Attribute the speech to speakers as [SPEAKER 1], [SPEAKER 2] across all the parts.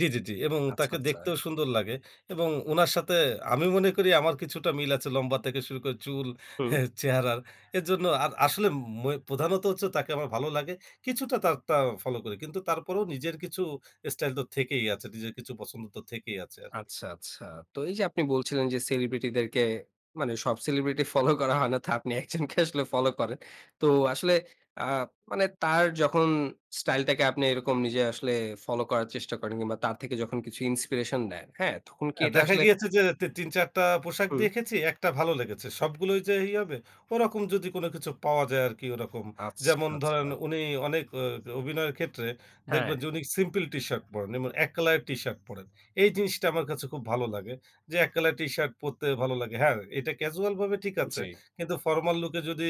[SPEAKER 1] জি, জি, জি। এবং
[SPEAKER 2] আচ্ছা,
[SPEAKER 1] তাকে
[SPEAKER 2] আচ্ছা।
[SPEAKER 1] দেখতেও সুন্দর লাগে এবং উনার সাথে আমি মনে করি আমার কিছুটা মিল আছে লম্বা থেকে শুরু করে চুল
[SPEAKER 2] হুম।
[SPEAKER 1] হ্যাঁ চেহারার। এরজন্য আর ম আসলে প্রধানত হচ্ছে তাকে আমার ভালো লাগে। কিছুটা তার তারটা ফলো করি। কিন্তু তারপরেও নিজের কিছু স্টাইল তো থেকেই আছে। নিজের কিছু পছন্দ তো থেকেই আছে আরকি।
[SPEAKER 2] আচ্ছা, আচ্ছা। তো এইযে আপনি বলছিলেন যে celebrity দেরকে মানে সব celebrity ফলো করা হয় না তো আপনি একজনকে আসলে ফলো করেন। তো আসলে আ মানে তার যখন স্টাইলটাকে আপনি এরকম নিজে আসলে ফলো করার চেষ্টা করেন কিংবা তার থেকে যখন কিছু inspiration নেন। হ্যাঁ? তখন কি
[SPEAKER 1] আ
[SPEAKER 2] এটা
[SPEAKER 1] দেখা
[SPEAKER 2] আসলে
[SPEAKER 1] গিয়েছে যে তি ৩, ৪ টা পোশাক
[SPEAKER 2] হুম।
[SPEAKER 1] দেখেছি, একটা ভালো লেগেছে। সবগুলোই যে ই হবে ওরকম যদি কোন কিছু পাওয়া যায় আরকি ওরকম।
[SPEAKER 2] আচ্ছা,
[SPEAKER 1] যেমন ধরেন
[SPEAKER 2] আচ্ছা।
[SPEAKER 1] উনি অনেক অ অ অভিনয়ের ক্ষেত্রে দেখবেন
[SPEAKER 2] হ্যাঁ।
[SPEAKER 1] যে উনি সিম্পেল টি-শার্ট পরেন। এবং ১ কলার টি-শার্ট পরেন। এই জিনিসটা আমার কাছে খুব ভালো লাগে। যে এক কালার টি-শার্ট পরতে ভালো লাগে। হ্যাঁ এটা casual ভাবে ঠিক আছে।
[SPEAKER 2] জি।
[SPEAKER 1] কিন্তু formal look এ যদি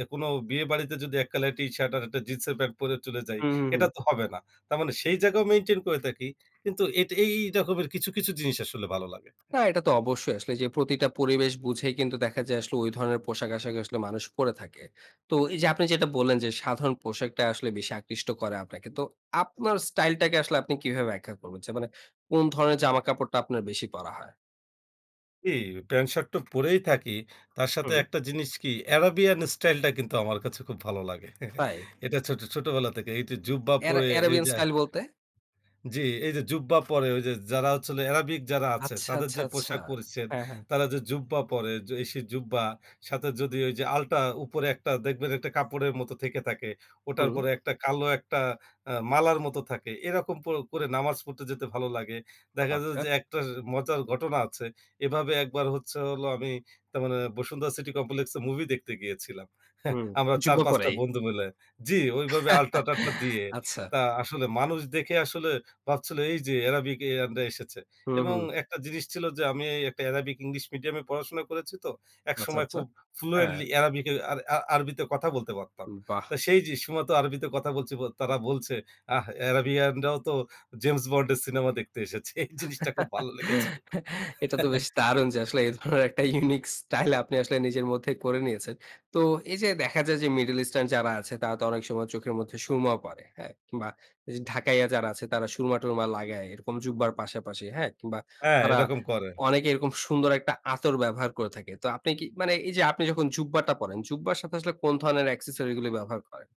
[SPEAKER 1] এ কোন বিয়ে বাড়িতে যদি ১ কালারের টি-শার্ট আর ১ টা জিন্সের প্যান্ট পরে চলে যাই
[SPEAKER 2] হু, হু,
[SPEAKER 1] এটা
[SPEAKER 2] হুম।
[SPEAKER 1] তো হবে না। তার মানে সেই জায়গাও maintain করে থাকি। কিন্তু এটি এই এই রকমের কিছু, কিছু জিনিস আসলে ভালো লাগে।
[SPEAKER 2] না, এটা তো অবশ্যই আসলে যে প্রতিটা পরিবেশ বুঝেই কিন্তু দেখা যায় আসলে ঐ ধরনের পোশাক-আশাক আসলে মানুষ পরে থাকে। তো এইযে আপনি যেটা বললেন যে সাধারণ পোশাকটা আসলে বেশি আকৃষ্ট করে আপনাকে। তো আপনার স্টাইলটাকে আসলে আপনি কিভাবে ব্যাখ্যা করবেন? মানে কোন ধরনের জামাকাপড়টা আপনার বেশি পরা হয়?
[SPEAKER 1] এই প্যান্ট শার্টটা পরেই থাকি। তার সাথে
[SPEAKER 2] হুম।
[SPEAKER 1] একটা জিনিস কি আরাবিয়ান স্টাইলটা কিন্তু আমার কাছে খুব ভালো লাগে।
[SPEAKER 2] তাই।
[SPEAKER 1] এটা ছোট ছোটবেলা থেকে এইটা জুব্বা
[SPEAKER 2] এরা
[SPEAKER 1] পরে
[SPEAKER 2] এরাবিয়ান
[SPEAKER 1] এইযে
[SPEAKER 2] স্টাইল বলতে?
[SPEAKER 1] জি, এইযে জুব্বা পরে ঐযে যারা হচ্ছে হল এরাবিক যারা আছে
[SPEAKER 2] আচ্ছা,
[SPEAKER 1] তাদের
[SPEAKER 2] আচ্ছা,
[SPEAKER 1] যে
[SPEAKER 2] আচ্ছা।
[SPEAKER 1] পোশাক পরিচ্চছেদ
[SPEAKER 2] হ্যাঁ, হ্যাঁ।
[SPEAKER 1] তারা যে জুব্বা পরে, এই সে জুব্বা সাথে যদি ওইযে আল্টা উপরে একটা দেখবেন একটা কাপড়ের মতো থেকে থাকে। ওটার
[SPEAKER 2] হুম।
[SPEAKER 1] পরে একটা কালো একটা আ মালার মতো থাকে। এরকম করে করে নামাজ পড়তে যেতে ভালো লাগে। দেখা যায়
[SPEAKER 2] আচ্ছা।
[SPEAKER 1] যে একটা মজার ঘটনা আছে। এভাবে একবার হচ্ছে হলো আমি তার মানে বসুন্ধরা সিটি কমপ্লেক্সে মুভি দেখতে গিয়েছিলাম।
[SPEAKER 2] হুম,
[SPEAKER 1] আমরা চার,
[SPEAKER 2] জুব্বা
[SPEAKER 1] পাঁচ টা
[SPEAKER 2] পরাই।
[SPEAKER 1] বন্ধু মিলে জি ঐ ভাবে আল্টা টাল্টা দিয়ে
[SPEAKER 2] আচ্ছা।
[SPEAKER 1] তা আসলে মানুষ দেখে আসলে ভাবছিল এইযে এরাবিকইয়ানরা এসেছে।
[SPEAKER 2] হুম,
[SPEAKER 1] এবং
[SPEAKER 2] হুম।
[SPEAKER 1] একটা জিনিস ছিল যে আমি এই একটা আরাবিক ইংলিশ মিডিয়ামে পড়াশোনা করেছি তো।
[SPEAKER 2] আচ্ছা,
[SPEAKER 1] একসময়
[SPEAKER 2] আচ্ছা।
[SPEAKER 1] খুব
[SPEAKER 2] হ্যাঁ।
[SPEAKER 1] fluently এরাবিক আর আর আরবিতে কথা বলতে পারতাম।
[SPEAKER 2] উ বাহ!
[SPEAKER 1] তো সেই যে সময় তো আরবিতে কথা বলছি ব তারা বলছে, "আ এরাবিয়ানরাও তো জেমস বন্ড এর সিনেমা দেখতে এসেছে।" এই জিনিসটা খুব ভালো লেগেছিল।
[SPEAKER 2] এটা তো বেশ দারুণ যে আসলে এই ধরনের একটা unique স্টাইল আপনি আসলে নিজের মধ্যে করে নিয়েছেন। তো এইযে দেখা যায় যে middle eastern যারা আছে তারা তো অনেক সময় চোখের মধ্যে সুরমাও পরে। হ্যাঁ? কিংবা ঐযে ঢাকাইয়া যারা আছে তারা সুরমা-টুরমা লাগায় এরকম জুব্বা র পাশাপাশি, হ্যাঁ? কিংবা
[SPEAKER 1] হ্যাঁ,
[SPEAKER 2] তারা
[SPEAKER 1] এরকম করে।
[SPEAKER 2] অনেকে এরকম সুন্দর একটা আতর ব্যবহার করে থাকে। তো আপনি কি মানে এইযে আপনি যখন জুব্বা টা পড়েন, জুব্বা র সাথে আসলে কোন ধরনের accessory গুলো ব্যবহার করেন?